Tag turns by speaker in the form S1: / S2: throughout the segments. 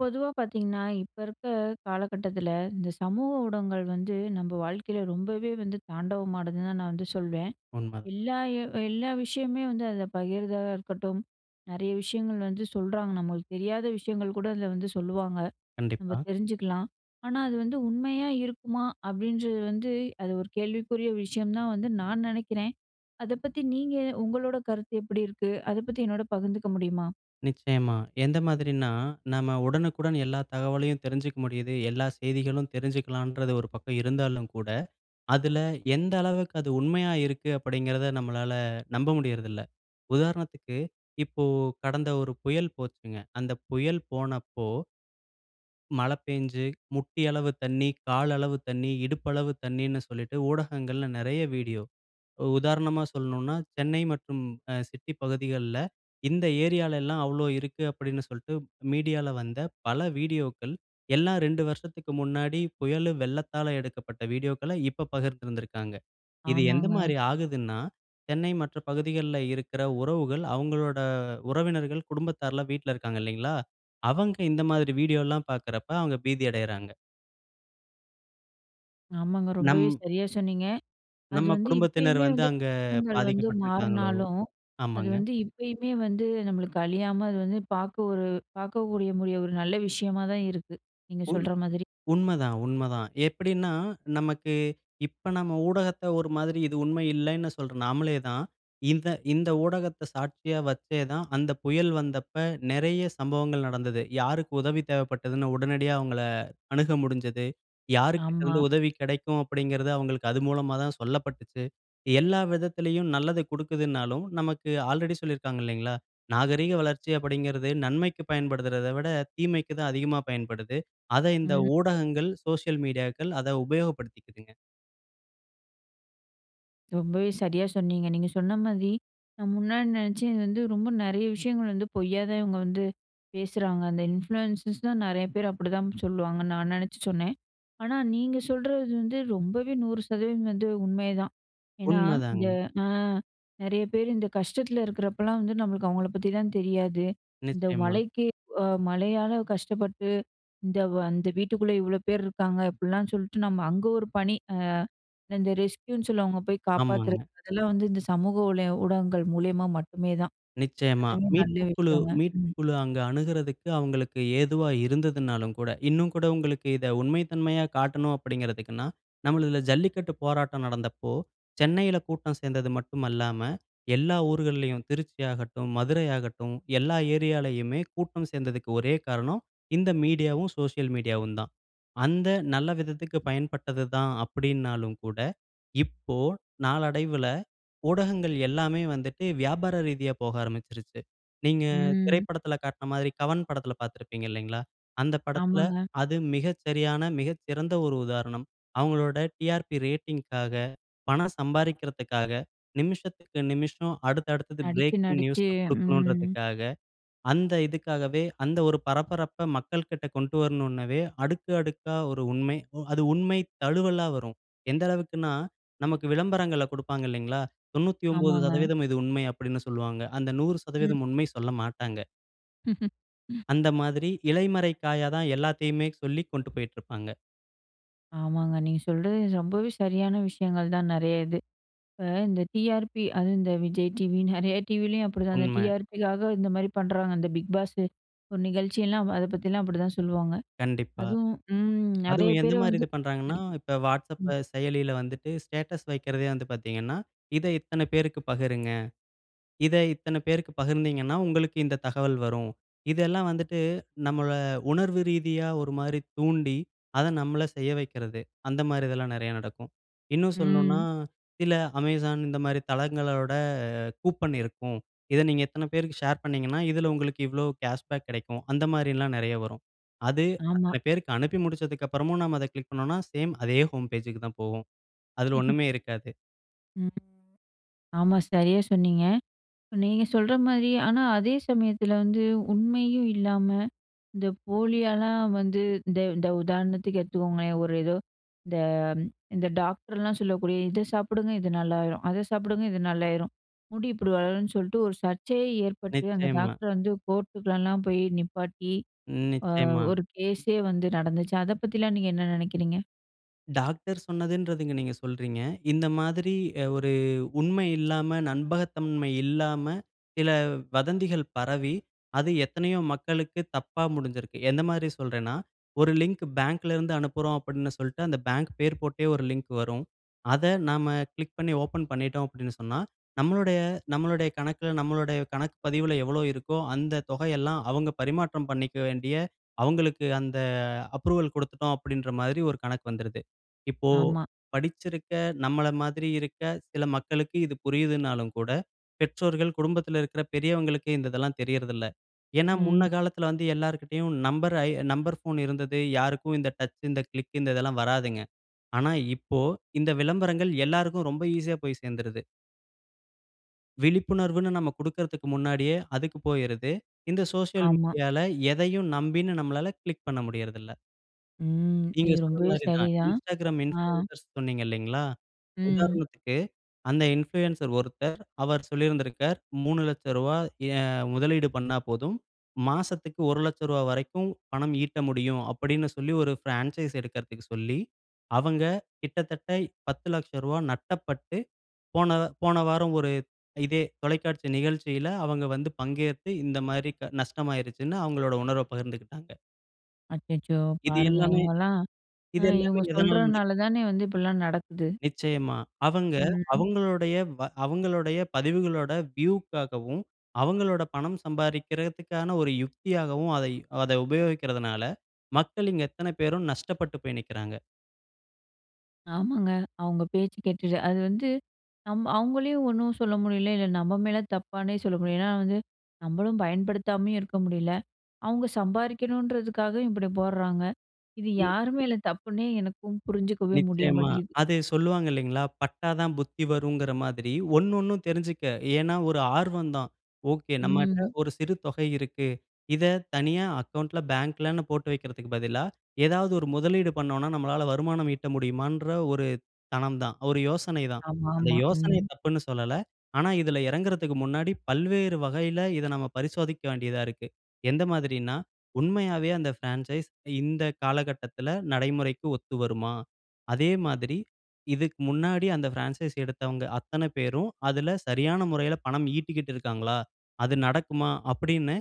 S1: பொதுவா பார்த்தீங்கன்னா, இப்ப இருக்க காலகட்டத்துல, இந்த சமூக ஊடகங்கள் வந்து நம்ப வாழ்க்கையில ரொம்பவே வந்து தாண்டவமானதுன்னு தான் நான் வந்து சொல்வேன்.
S2: உண்மை.
S1: எல்லா எ எல்லா விஷயமுமே வந்து அதுல பகிருததா இருக்கட்டும். நிறைய விஷயங்கள் வந்து சொல்றாங்க, நம்மளுக்கு தெரியாத விஷயங்கள் கூட அதுல வந்து சொல்லுவாங்க. நம்ம
S2: கண்டிப்பா.
S1: தெரிஞ்சுக்கலாம். ஆனா, "அது வந்து உண்மையா இருக்குமா?" அப்படின்றது வந்து, அது ஒரு கேள்விக்குறிய விஷயம்னு தான் வந்து நான் நினைக்கிறேன். அதை பத்தி நீங்க, உங்களோட கருத்து எப்படி இருக்கு, அதை பத்தி என்னோட பகிர்ந்துக்க முடியுமா?
S2: நிச்சயமா. எந்த மாதிரினா, நம்ம உடனுக்குடன் எல்லா தகவலையும் தெரிஞ்சுக்க முடியுது, எல்லா செய்திகளும் தெரிஞ்சுக்கலான்றது ஒரு பக்கம் இருந்தாலும் கூட, "அதுல எந்த அளவுக்கு அது உண்மையா இருக்கு", அப்படிங்கிறத நம்மளால நம்ப முடியுறதில்ல. உதாரணத்துக்கு இப்போ கடந்த ஒரு புயல் போச்சுங்க, அந்த புயல் போனப்போ மழை பேஞ்சு, முட்டி அளவு தண்ணீ, கால் அளவு தண்ணீ, இடுப்பளவு தண்ணீன்னு சொல்லிட்டு, ஊடகங்கள்ல நிறைய வீடியோ. ஒ உதாரணமா சொல்லனும்னா, "சென்னை மற்றும் அ சிட்டி பகுதிகள்ல இந்த ஏரியாலெல்லாம் அவ்வளோ இருக்கு!" அப்படின்னு சொல்லிட்டு, மீடியால வந்த பல வீடியோக்கள், எல்லாம் 2 வருஷத்துக்கு முன்னாடி, புயலு, வெள்ளத்தால எடுக்கப்பட்ட வீடியோக்கள இப்போ பகிர்ந்திருந்திருக்காங்க. இது எந்த
S1: ஆமாங்க.
S2: மாரி ஆகுதுன்னா, சென்னை மற்ற பகுதிகள்ல இருக்குற உறவுகள் அவங்களோட உறவினர்கள், குடும்பத்தார்லாம் வீட்டுல இருக்காங்க, இல்லைங்களா? அவங்க இந்த மாதிரி வீடியோல்லாம் பார்க்குறப்ப, அவங்க பீதி அடையறாங்க.
S1: ஆமாங்க ரொம்பவே
S2: நம்
S1: சரியா சொன்னீங்க. அது
S2: நம்ம
S1: வந்து
S2: குடும்பத்தினர்
S1: இப்பயுமே
S2: வந்து
S1: வந்து
S2: அங்க
S1: [unintelligible] வந்து
S2: பாதிக்கப்பட்டு இருக்கிறாங்களோ,
S1: மாறினாலும், அது
S2: ஆமாங்க.
S1: வந்து இப்பயுமே வந்து நம்மளுக்கு அழியாம அது வந்து பார்க்க ஒரு பார்க்கக்கூடிய முடிய ஒரு நல்ல விஷயமா தான் இருக்கு. நீங்க
S2: உண்
S1: சொல்ற மாதிரி.
S2: உண்மைதான், உண்மைதான். எப்படினா நமக்கு இப்போ நாம் ஊடகத்த ஒரு மாதிரி இது உண்மை இல்லன்னு சொல்ற நாமளே தான், இந்த இந்த ஊடகத்தை சாட்சியா வச்சே தான், அந்த புயல் வந்தப்ப நிறைய சம்பவங்கள் நடந்தது. யாருக்கு உதவி தேவைப்பட்டதுனு உடனடியா அவங்களை அணுக முடிஞ்சது.
S1: ஆமா.
S2: யாருக்கிட்டருந்து உதவி கிடைக்கும் அப்படிங்கிறது அவங்களுக்கு அது மூலமா தான் சொல்லப்பட்டுச்சு. எல்லா விதத்திலயும். நல்லது கொடுக்குதுனாலும், நமக்கு ஆல்ரெடி சொல்லியிருக்கிறாங்க இல்லைங்களா, நாகரீக வளர்ச்சி அப்படிங்கிறது நன்மைக்கு பயன்படுறத விட தீமைக்கு தான் அதிகமா பயன்படுது, அதை இந்த
S1: ம்.
S2: ஊடகங்கள், சோசியல் மீடியாக்கள் அதை உபயோகப்படுத்திக்கிதுங்க.
S1: ரொம்பவே சரியா சொன்னீங்க. நீங்க சொன்ன மாதிரி, நான் முன்னாடி நினைச்சேன் இது வந்து ரொம்ப நிறைய விஷயங்கள் வந்து பொய்யா தான் இவங்க வந்து, பேசுறாங்க. அந்த இன்ஃப்ளூயன்ர்ஸ்லாம் நிறைய பேர் அப்படிதான் சொல்லுவாங்கன்னு நான் நினைச்சு சொன்னேன். ஆனா, நீங்க சொல்றது வந்து ரொம்பவே 100% வந்து உண்மைதான். ஏன்னா இந்த,
S2: உண்மைதாங்க.
S1: ஆ நிறைய பேர் இந்த கஷ்டத்தில இருக்கிறப்போலாம் வந்து நம்மளுக்கு அவங்களை பத்திலாம் தெரியாது. இந்த
S2: நிச்சயமா.
S1: மழைக்கு, மழையால கஷ்டப்பட்டு இந்த வ அந்த வீட்டுக்குள்ளே இவ்வளோ பேர் இருக்காங்க அப்படிலாம் சொல்லிட்டு, நம்ம அங்கே ஒரு பணி, இந்த ரெஸ்க்யூன்னு சொல்லவங்க போய் காப்பாத்துறது,
S2: ஆமாங்க.
S1: அதெல்லாம் வந்து இந்த சமூக ஊளய ஊடகங்கள் மூலியமா மட்டுமே தான்,
S2: நிச்சயமா.
S1: அதுவும் நல்ல
S2: மீட்புக்குழு
S1: விஷயங்க. ம்.
S2: மீட்புக்குழு அங்க அணுகுறத்துக்கு அவங்களுக்கு ஏதுவா இருந்ததுனாலும் கூட, இன்னும் கூட உங்களுக்கு இதை உண்மைத்தன்மையா காட்டணும் அப்படிங்கிறதுக்குன்னா, நம்மள இதில ஜல்லிக்கட்டு போராட்டம் நடந்தபோ, சென்னையில கூட்டம் சேர்ந்தது மட்டுமல்லாமல், எல்லா ஊர்களிலும் திருச்சியாகட்டும் மதுரையாகட்டும் எல்லா ஏரியாவிலேயுமே கூட்டம் சேர்ந்ததுக்கு ஒரே காரணம் இந்த மீடியாவும், சோசியல் மீடியாவும் தான். அந்த நல்ல விதத்துக்கு பயன்பட்டதுதான் அப்படினாலும் கூட, இப்போ நாளடைவில ஊடகங்கள் எல்லாமே வந்துட்டு வியாபார ரீதியா போக ஆரம்பித்துச்சிசுருச்சு. நீங்க
S1: ம்.
S2: திரைப்படத்தில காட்டிய மாதிரி கவன் படத்தில பார்த்திருப்பீங்க, இல்லீங்களா. அந்த படத்தில
S1: ஆமாங்க.
S2: அது மிக சரியான, மிகச்சிறந்த ஒரு உதாரணம். அவங்களுடைய "TRP" ரேட்டிங்க்காக பணம் சம்பாரிகிறதுக்காக, நிமிஷத்துக்கு நிமிஷம், அடுத்த அடுத்தது
S1: நடிச்சு,
S2: பிரேக்கிங் நியூஸ்
S1: நடிச்சு. ம்.
S2: கொடுக்கனும்ன்றதுக்காக, அந்த இதுக்காகவே அந்த ஒரு பரபரப்பை மக்கள்கிட்ட கொண்டு வரணுனவே அடுக்கு அடுக்கா ஒரு உண்மை, அ அது உண்மை தழுவலா வரும். எந்த அளவுக்குனா நமக்கு விளம்பரங்கள கொடுப்பாங்க இல்லைங்களா? தொண்ணூத்தி ஒன்பது
S1: ஆமாங்க.
S2: சதவீதம் இது உண்மை அப்படினு சொல்வாங்க. அந்த நூறு
S1: ம்.
S2: சதவீதம் உண்மை சொல்லமாட்டாங்க. அந்த மாதிரி இலைமறை காயா தான், எல்லாத்தையுமே சொல்லி கொண்டு போயிட்டு இருப்பாங்க.
S1: ஆமாங்க நீங்க சொல்றது ரொம்பவே சரியான விஷயங்கள் தான் நெறைய இது. இப்ப இந்த டிஆர்பி அதுவும் இந்த விஜய் டிவி, நெறைய டிவிலயும் அப்படிதா அந்த
S2: உண்ம.
S1: டிஆர்பிக்காக இந்த மாரி பண்றாங்க. அந்த பிக் பாஸ்சு ஒரு நிகழ்ச்சியெல்லாம் அத பத்திலாம் அப்படிதா சொல்லுவாங்க.
S2: கண்டிப்பா.
S1: அதுவும், ம் நெறைய
S2: அதுவும் எந்த
S1: பேர
S2: மாதிரி
S1: வந்து
S2: இது பண்றாங்கனா,
S1: [unintelligible]
S2: இப்ப WhatsApp
S1: ம்.
S2: அ செயலில வந்துட்டு ஸ்டேட்டஸ் வைக்கிறதே வந்து பாத்தீங்கனா, "இத இத்தன பேருக்கு பகிருங்க. இத இத்தன பேருக்கு பகிர்ந்தீங்கனா, உங்களுக்கு இந்த தகவல் வரும்." இதெல்லாம் வந்துட்டு நம்மள உணர்வு ரீதியா ஒரு மாரி தூண்டி, அத நம்மள செய்ய வைக்கிறது. அந்த மாதிரி இதெல்லாம் நெறைய நடக்கும். இன்னும் சொல்ணுனா,
S1: ம்.
S2: சில Amazon இந்த மாரி தளங்களோட ஆ கூப்பன் இருக்கும். இத நீங்க இத்தன பேருக்கு ஷேர் பண்ணீங்கன்னா, இதுல உங்களுக்கு இவ்ளோ கேஷ்பேக் கிடைக்கும். அந்த மாரிலாம் நெறைய வரும். அது
S1: ஆமா.
S2: அத்தன பேருக்கு அனுப்பி முடிச்சதுக்கு அப்புறமும் நம்ம அத கிளிக் பண்ணோம்னா, சேம் அதே ஹோம் பேஜுக்கு தான் போகும், அதுல ஒண்ணுமே இருக்காது.
S1: ம். ஆமா சரியா சொன்னீங்க. நீங்க சொல்ற மாரி ஆனா அதே சமயத்துல வந்து உண்மையும் இல்லாம இந்த போலியால வந்து இந்த இந்த உதாரணத்துக்கு எடுத்துக்கோங்களேன், ஒரு ஏதோ இந்த இந்த டாக்டர்லாம் சொல்லக்கூடிய, "இத சாப்பிடுங்க இது நல்லாயிரும், அத சாப்பிடுங்க இது நல்லாயிரும், முடி இப்டி வளரும்னு" சொல்ட்டு ஒரு சர்ச்சையே ஏற்பட்டு. அந்த
S2: நிச்சயமா.
S1: டாக்டர வந்து கோர்ட்டுக்குல்லாம் போய் நிப்பாட்டி, ஆ
S2: நிச்சயமா.
S1: ஒரு கேஸே வந்து நடந்துச்சு. அத பத்திலாம் நீங்க என்ன நெனைக்கிறீங்க?
S2: டாக்டர் சொன்னதுன்றதுங்க, நீங்க சொல்றீங்க. இந்த மாதிரி, அ ஒரு உண்மை இல்லாம, நண்பகத்தன்மை இல்லாம, சில வதந்திகள் பரவி, அது எத்தனையோ மக்களுக்கு தப்பா முடிஞ்சுருக்கு. எந்தமாரி சொல்றேன்னா, ஒரு லிங்க் பேங்க்ல இருந்து அனுப்புறோம் அப்பிடின்னு சொல்லிட்டு, அந்த பேங்க் பேர் போட்டே ஒரு லிங்க் வரும். அத நாம, கிளிக் பண்ணி ஓப்பன் பண்ணிட்டோம் அப்பிடினு சொன்னா, நம்மளுடைய, நம்மளுடைய கணக்கில, நம்மளுடைய கணக்கு பதிவுல எவ்ளோ இருக்கோ, அந்த தொகை எல்லாம், அவுங்க பரிமாற்றம் பண்ணிக்க வேண்டிய, அவுங்களுக்கு அந்த அப்ரூவல் கொடுத்துட்டோம். அப்பிடின்ற மாரி, ஒரு கணக்கு வந்துருது. இப்போ
S1: ஆமா.
S2: படிச்சிருக்க, நம்மள மாதிரி இருக்க சில மக்களுக்கு இது புரியுதுனாலும் கூட, பெற்றோர்கள் குடும்பத்தில இருக்கிற பெரியவங்களுக்கு, இந்த இதெல்லாம் தெரியறதில்ல. ஏன்னா முன்ன
S1: ம்.
S2: காலத்தில வந்து, எல்லார்கிட்டயும் நம்பர அ நம்பர் ஃபோன் இருந்தது. யாருக்கும் இந்த டச், இந்த கிளிக், இந்ததெல்லாம் வராதுங்க. ஆனா இப்போ, இந்த விளம்பரங்கள் எல்லாருக்கும், ரொம்ப ஈஸியா போய் சேர்ந்துருது. விழிப்புணர்வுன்னு, நம்ம குடுக்கிறதுக்கு முன்னாடியே அதுக்கு போயிருது. இந்த சோசியல்
S1: ஆமா.
S2: மீடியால, எதையும் நம்பி நம்மளால கிளிக் பண்ண முடியிறதில்ல.
S1: ம்.
S2: நீங்க
S1: இது ரொம்பவே
S2: சொன்னமாரி தான்.
S1: சரிதான்.
S2: Instagram
S1: ஆ.
S2: இன்ஃப்ளூயன்சர் சொன்னீங்க, இல்லிங்களா!
S1: ம்.
S2: உதாரணத்துக்கு, அந்த இன்ஃப்ளூயன்சர் ஒருத்தர், அவர் சொல்லியிருந்திருக்கார், ரூ.300000 ஏன் முதலீடு பண்ணா போதும். மாசத்துக்கு ரூ.100000 வரைக்கும், பணம் ஈட்ட முடியும் அப்பிடின்னு சொல்லி, ஒரு பிரான்சைஸ் எடுக்கிறதுக்கு சொல்லி, அவங்க கிட்டத்தட்ட, ரூ.1000000 நட்டப்பட்டு, போன போன வாரம் ஒரு இதே தொலைக்காட்சி நிகழ்ச்சியில, அவங்க வந்து பங்கேத்து இந்தமாரி நஷ்டமாயிருச்சுன்னு, அவுங்களோட உணர்வ பகிர்ந்துக்கிட்டாங்க.
S1: அச்சச்சோ!
S2: இது
S1: பாருங்க.
S2: எல்லாமே
S1: இவுங்கலாம் அ
S2: இது எல்லாமே
S1: இவுங்க
S2: எதனால்
S1: சொல்றனால
S2: நடக்குது?
S1: தானே வந்து இப்பிடிலாம் நடக்குது?
S2: நிச்சயமா! அவங்க,
S1: ம், ம்.
S2: அவங்களுடைய வ அவுங்களுடைய பதிவுகளோட வியூக்காகவும், அவுங்களோட பணம் சம்பாரிக்கிறதுக்கான ஒரு யுக்தியாகவும் அதை அத உபயோகிக்கிறதுனால, மக்கள் இங்கு எத்தனை பேரோ நஷ்டப்பட்டு போய் நிக்கிறாங்க!
S1: ஆமாங்க. அவுங்க பேச்சு கேட்டுட்டு அது வந்து நம்ப அவுங்களையும் ஒண்ணும் சொல்ல முடியல. இல்ல, நம்ம மேல தப்பானே சொல்ல முடியல. ஏன்னா வந்து, நம்மளும் பயன்படுத்தாமயும் இருக்க முடியல. அவுங்க சம்பாதிக்கணுன்றதுக்காக, இப்பிடி போடுறாங்க! இது
S2: ம்.
S1: யாரு மேல தப்புன்னே எனக்கும் புரிஞ்சுக்கவே முடிய
S2: நிச்சயமா.
S1: மாட்டேங்குது.
S2: அது சொல்லுவாங்க இல்லைங்களா? பட்டா தான் புத்தி வருங்கிற மாதிரி, ஒண்ணு ஒண்ணும் தெரிஞ்சுக்க. ஏன்னா, ஒரு ஆர்வம் தான். ஓகே, நம்மகிட்ட
S1: ம்.
S2: ஒரு சிறு தொகை இருக்கு. இத தனியா அக்கவுண்ட்ல, பேங்க்லன்னு போட்டு வைக்கிறதற்கு பதிலா, ஏதாவது ஒரு முதலீடு பண்ணோம்னா, நம்மால வருமானம் ஈட்ட முடியுமான்ற ஒரு தனம் தான். ஒரு யோசனை தான். அந்த
S1: ஆமாமா.
S2: யோசனை
S1: ம்.
S2: தப்புன்னு சொல்லல. ஆனா இதுல இறங்குறதுக்கு முன்னாடி, பல்வேறு வகையில, இத நம்ம பரிசோதிக்க வேண்டியதா இருக்கு. எந்த மாதிரின்னா, உண்மையாவே அந்த பிரான்சைஸ் இந்த காலகட்டத்துல நடைமுறைக்கு ஒத்து வருமா? அதே மாதிரி, இதுக்கு முன்னாடி, அந்த பிரான்சைஸ் எடுத்தவங்க அத்தனை பேரும், அதுல சரியான முறைல பணம் ஈட்டிக்கிட்டு இருக்காங்களா? அது நடக்குமா? அப்பிடீன்னு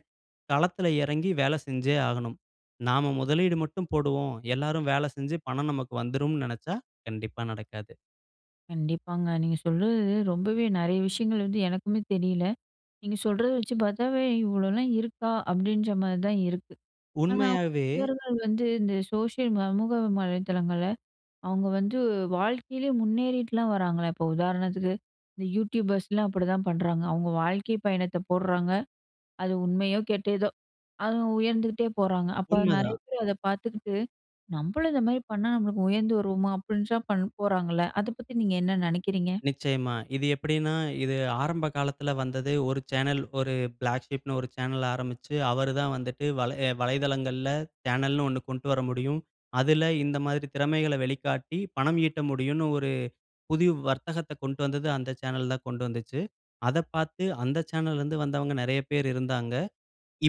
S2: களத்துல இறங்கி வேலை செஞ்சே ஆகணும்! நாம முதலீடு மட்டும் போடுவோம். எல்லாரும் வேலை செஞ்சு, பணம் நமக்கு வந்துரும்ன்னு நினைச்சா, கண்டிப்பா நடக்காது!
S1: கண்டிப்பாங்க. நீங்க சொல்றது ரொம்பவே நிறைய விஷயங்கள் வந்து எனக்குமே தெரியல. நீங்க சொல்றத வச்சு பார்த்தாவே இவ்ளோல்லாம் இருக்கா! அப்பிடின்றமாரி தான் இருக்கு. ஆனா,
S2: உண்மையாவே.
S1: இவர்கள் வந்து இந்த சோஷியல் சமூக வலைதளங்கள்ல அவுங்க வந்து வாழ்க்கையிலேயே முன்னேறிட்லாம் வராங்களே! இப்ப உதாரணத்துக்கு இந்த யூடியூபர்ஸ்லாம் அப்பிடிதான் பண்ணுறாங்க. அவுங்க வாழ்க்கை பயணத்த போட்றாங்க. அது உண்மையோ! கெட்டதோ! அவுங்க உயர்ந்துகிட்டே போறாங்க. அப்ப
S2: உண்ம
S1: நிறைய
S2: தான்.
S1: பேர் அத பார்த்துக்கிட்டு, நம்மளும் இந்தமாரி பண்ணா நம்மளுக்கு உயர்ந்து வருவோமா! அப்பிடின்னு தான் பண்ண போட்றாங்கல்ல. அத பத்தி நீங்க என்ன நினைக்கிறீங்க?
S2: நிச்சயமா. இது எப்பிடின்னா, இது ஆரம்ப காலத்தில வந்தது. ஒரு சேனல், ஒரு பிளாக் ஷீப்னு ஒரு சேனல் ஆரம்பிச்சு, அவரு தான் வந்துட்டு வலை ஏ வலைதளங்கள்ல சேனல்னு ஒண்ணு கொண்ட்டு வர முடியும். அதில இந்த மாதிரி திறமைகள வெளிக்காட்டி பணம் ஈட்ட முடியுன்னு ஒரு புதுவ் வர்த்தகத்த கொண்டு வந்தது அந்த சேனல் தான் கொண்டு வந்துச்சு. அத பார்த்து அந்த சேனல்ல இருந்து வந்தவங்க நிறைய பேர் இருந்தாங்க.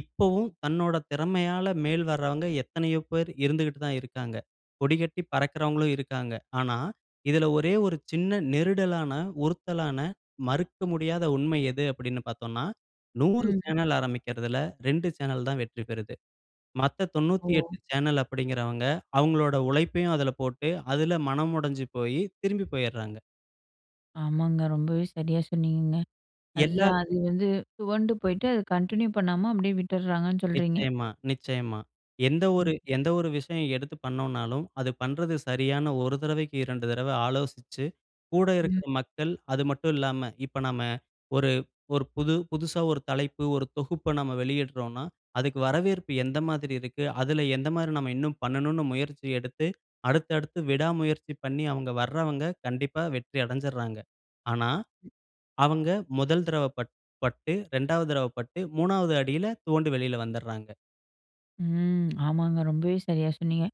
S2: இப்பவும் தன்னோட திறமையால மேல் வர்றவங்க எத்தனையோ பேர் இருந்துக்கிட்டு தான் இருக்காங்க. கொடிகட்டி பறக்கிறவர்களும் இருக்காங்க. ஆனா, இதில ஒரே ஒரு சின்ன நெருடலான, உறுத்தலான மறுக்க முடியாத உண்மை எது அப்பிடின்னு பார்த்தோன்னா, 100
S1: ம்.
S2: சேனல் ஆரமிக்கிறதுல 2 சேனல் தான் வெற்றி பெறுது. மத்த 98
S1: ஓ!
S2: சேனல் அப்பிடிங்கிறவங்க அவுங்களோட உழைப்பையும் அதில போட்டு, அதில மனம் உடஞ்சு போயி, திரும்பி போயிட்றாங்க.
S1: ஆமாங்க! ரொம்பவே சரியா சொன்னீங்கங்க.
S2: எல்லா
S1: அதான் அது வந்து, துவண்டு போயிட்டு, அத கன்டின்யூ பண்ணாம, அப்டியே விட்டுறாங்கன்னு, சொல்றீங்க?
S2: நிச்சயமா, நிச்சயமா. எந்த
S1: ம்.
S2: ஒரு எந்த ஒரு விஷயம் எடுத்து பண்ணோம்னாலும், அது பண்றது சரியான்னு 1 தடவைக்கு 2 தடவ ஆலோசிச்சு, கூட இருக்க
S1: ம்.
S2: மக்கள். அது மட்டும் இல்லாம, இப்ப நாம ஒரு ஒரு புது புதுசா ஒரு தலைப்பு, ஒரு தொகுப்ப நம்ம வெளியிட்றோம்னா, அதுக்கு வரவேற்பு எந்த மாதிரி இருக்கு, அதுல எந்த மாதிரி நம்ம இன்னும் பண்ணணும்னு முயற்சி எடுத்து, அடுத்து, அடுத்து விடா முயற்சி பண்ணி, அவங்க வர்றவங்க, கண்டிப்பா வெற்றி அடைஞ்சிர்றாங்க! ஆனா, அவங்க 1 தடவ பட் பட்டு 2 வது தடவ பட்டு, 3 வது அடியில துவண்டு வெளில வந்துர்றாங்க.
S1: ம் ஆமாங்க, ரொம்பவே சரியாக சொன்னீங்க!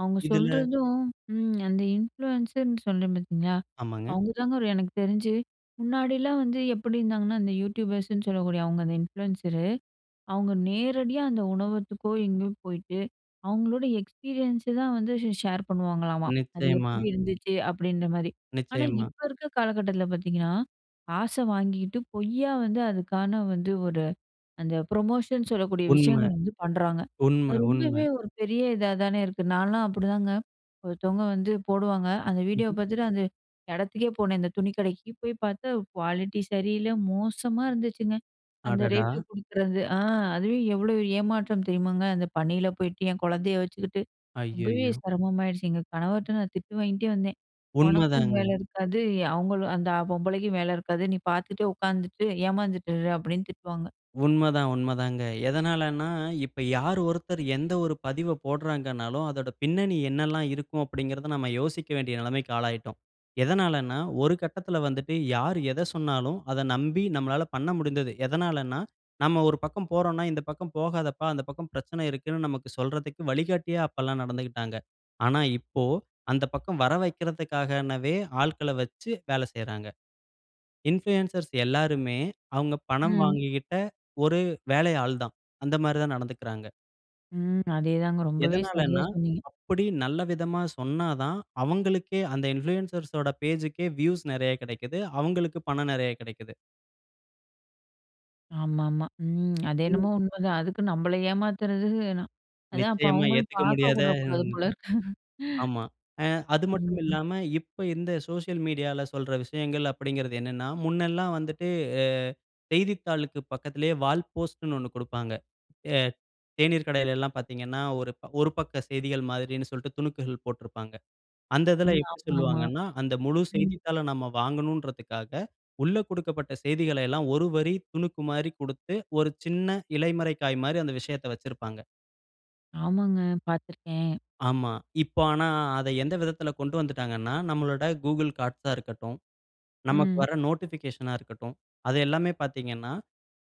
S1: அவுங்க
S2: இதுல.
S1: சொல்றதும். ம், அந்த இன்ஃப்ளூயன்ஸர்ன்னு சொல்றேன் பார்த்தீங்களா?
S2: ஆமாங்க.
S1: அவுங்க தாங்க எனக்கு தெரிஞ்சு, முன்னாடிலாம் வந்து எப்டி இருந்தாங்கன்னா, அந்த யூடியூபர்ஸ்ன்னு சொல்லக்கூடிய அவுங்க அந்த இன்ஃப்ளுயன்சரு. அவுங்க நேரடியா, அந்த உணவகத்துக்கோ எங்கேயோ போயிட்டு, அவுங்களோட எக்ஸ்பீரியன்ஸ்ஸ தான் வந்து ச ஷேர் பண்ணுவாங்களாம்மா. அது
S2: நிச்சயமா.
S1: எப்டி இருந்துச்சு? அப்டின்ற மாரி. ஆனா
S2: நிச்சயமா.
S1: இப்ப இருக்க காலகட்டத்துல பார்த்தீங்கன்னா, காச வாங்கிகிட்டு, பொய்யா வந்து அதுக்கான வந்து ஒரு அந்த ப்ரமோஷன் சொல்லக்கூடிய
S2: உண்ம.
S1: விஷயங்கள் வந்து பண்றாங்க.
S2: உண்ம,
S1: அது ரொம்பவே,
S2: உண்ம.
S1: ஒரு பெரிய இதா தானே இருக்கு. நான்லாம் அப்டிதாங்க, ஒருத்தவங்க வந்து போடுவாங்க, அந்த வீடியோ
S2: ம்ஹ்ம்.
S1: பார்த்துட்டு, அந்த எடத்துக்கே போனேன், அந்த துணி கடைக்கு போய் பார்த்தா குவாலிட்டி சரியில்ல, மோசமா இருந்துச்சுங்க. அந்த
S2: அடடா!
S1: ரேட் குடுக்குறது. அ, அதுவே எவ்வளவு ஏமாற்றம் தெரியுமாங்க? அந்த பனில போயிட்டு, என் கொழந்தைய வச்சுக்கிட்டு, ரொம்பவே
S2: ஐய்யயோ!
S1: செரமமாயிடுச்சு, எங்க கணவர்ட்ட நான் திட்டு வாங்கிட்டே வந்தேன். "ஒனக்கும் வேல
S2: உண்மதாங்க.
S1: இருக்காது, ய அவங்களும் அந்த பொம்பளைக்கும் வேல இருக்காது. நீ பார்த்துட்டே உட்காந்துட்டு, ஏமாந்துட்டு இரு." அப்டின்னு திட்டுவாங்க!
S2: உண்மதான், உண்ம தாங்க. எதனாலன்னா, இப்ப யாரு ஒருத்தர், எந்த ஒரு பதிவ போட்றாங்கன்னாலும், அதோட பின்னணி என்னெல்லாம் இருக்கும் அப்டின்கிறத நம்ம யோசிக்க வேண்டிய நெலமைக்கு ஆளாயிட்டோம்! எதனாலன்னா ஒரு கட்டத்துல வந்துட்டு யார் எத சொன்னாலும், அத நம்பி, நம்மலாள பண்ண முடிந்தது. எதனாலன்னா, நம்ம ஒரு பக்கம் போறோன்ன்னா, இந்த பக்கம் போகாதப்பா அந்த பக்கம் பிரச்சனை இருக்குன்னு நமக்கு சொல்றதுக்கு வழிகாட்டியா அப்பல்லாம் நடந்துக்கிட்டாங்க. ஆனா இப்போ, அந்த பக்கம் வர வெக்றதுக்காகவே ஆட்கள வச்சு வேல செய்றாங்க. இன்ஃப்ளூயன்சர்ஸ் எல்லாருமே, அவுங்க பணம்
S1: ம்.
S2: வாங்கிக்கிட்ட, ஒரு வேலை ஆள் தான்! அந்த மாரி தான் நடந்துக்குறாங்க.
S1: ம். அதே தாங்க ரொம்பவே சரியா
S2: எதனாலன்னா,
S1: சொன்னீங்க.
S2: அப்பிடி நல்ல விதமா சொன்னா தான், அவுங்களுக்கே அந்த இன்ஃப்ளூயன்சர்ஸோட பேஜூக்கே வியூஸ் நிறைய கிடைக்கிது. அவுங்களுக்கு பணம் நிறைய கிடைக்கிது.
S1: ஆமா, ஆமா. ம், அது என்னமோ
S2: ம்.
S1: உண்ம தான். அதுக்கு நம்மள ஏமாத்துறது ந அதான் அப்ப
S2: நிச்சயமா
S1: அவுங்களும்
S2: ஏத்துக்க முடியாத
S1: பார்க்கக்கூட கூடாது போல இருக்கு
S2: ஆமா. அ அது
S1: ம்
S2: மட்டும்
S1: ம்.
S2: இல்லாம இப்ப இந்த சோசியல் மீடியால சொல்ற விஷயங்கள் அப்பிடிங்கிறது என்னன்னா, முன்னெல்லாம் வந்துட்டு அ செய்தித்தாளுக்கு பக்கத்திலே வால் போஸ்ட்ன்னு ஒண்ணு கொடுப்பாங்க. ஏ தேனீர் கடையில எல்லாம் பார்த்தீங்கன்னா, ஒரு ஒரு பக்க செய்திகள் மாதிரின்னு சொல்ட்டு துணுக்குகள் போட்டிருப்பாங்க. அந்த இதில
S1: ம்.
S2: எப்பிடி
S1: ஆமா, ஆமா.
S2: சொல்லுவாங்கன்னா, அந்த முழு
S1: ம்.
S2: செய்தித்தாள நம்ம வாங்கணுன்றதுக்காக, உள்ள கொடுக்கப்பட்ட செய்திகள எல்லாம் ஒரு வரி துணுக்குமாரி குடுத்து, ஒரு சின்ன இலைமறைக் காய்மாரி அந்த விஷயத்த வச்சிருப்பாங்க.
S1: ஆமாங்க. பார்த்துருக்கேன்.
S2: ஆமா. இப்ப ஆனா அத எந்த விதத்தில கொண்டு வந்துட்டாங்கன்னா, நம்மளோட Google கார்ட்ஸா இருக்கட்டும், நமக்கு
S1: ம்.
S2: வர நோட்டிஃபிகேஷன்னா இருக்கட்டும், அது எல்லாமே பார்த்தீங்கன்னா,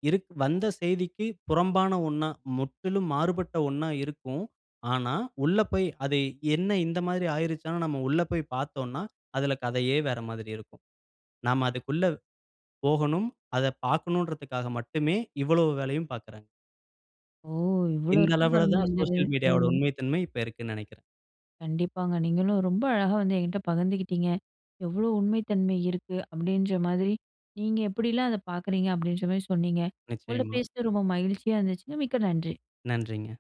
S2: இருக் வந்த செய்திக்கு புறம்பான ஒண்ணா, முற்றிலும் மாறுபட்ட ஒண்ணா இருக்கும். ஆனா, உள்ள போயி அது என்ன இந்த மாதிரி ஆயிருச்சானா நம்ம உள்ள போய் பார்த்தோன்னா, அதில கதையே வேற மாதிரி இருக்கும். நாம அதுக்குள்ள போகணும். அத பார்க்கணுன்றதுக்காக மட்டுமே இவ்ளோ வேலையும் பார்க்குறாங்.
S1: ஓ! இவ்ளோ
S2: இந்த
S1: இருக்கு
S2: அளவுல
S1: பாருங்க.
S2: தான்
S1: இந்த இது,
S2: சோசியல் மீடியாவோட
S1: ம்.
S2: உண்மைத்தன்மை இப்ப இருக்குன்னு நினைக்கிறேன்.
S1: கண்டிப்பாங்க. நீங்களும் ரொம்ப அழகா வந்து என்கிட்ட பகிர்ந்துக்கிட்டீங்க. எவ்ளோ உண்மை தன்மை இருக்கு? அப்பிடின்ற மாதிரி நீங்க எப்பிடில்லாம் அத பார்க்குறீங்க? அப்பிடின்றமாரி சொன்னீங்க. உங்கள்ட்ட
S2: நிச்சயமா.
S1: பேசுனது ரொம்ப மகிழ்ச்சியா இருந்துச்சுங்க. மிக்க நன்றி.
S2: நன்றிங்க.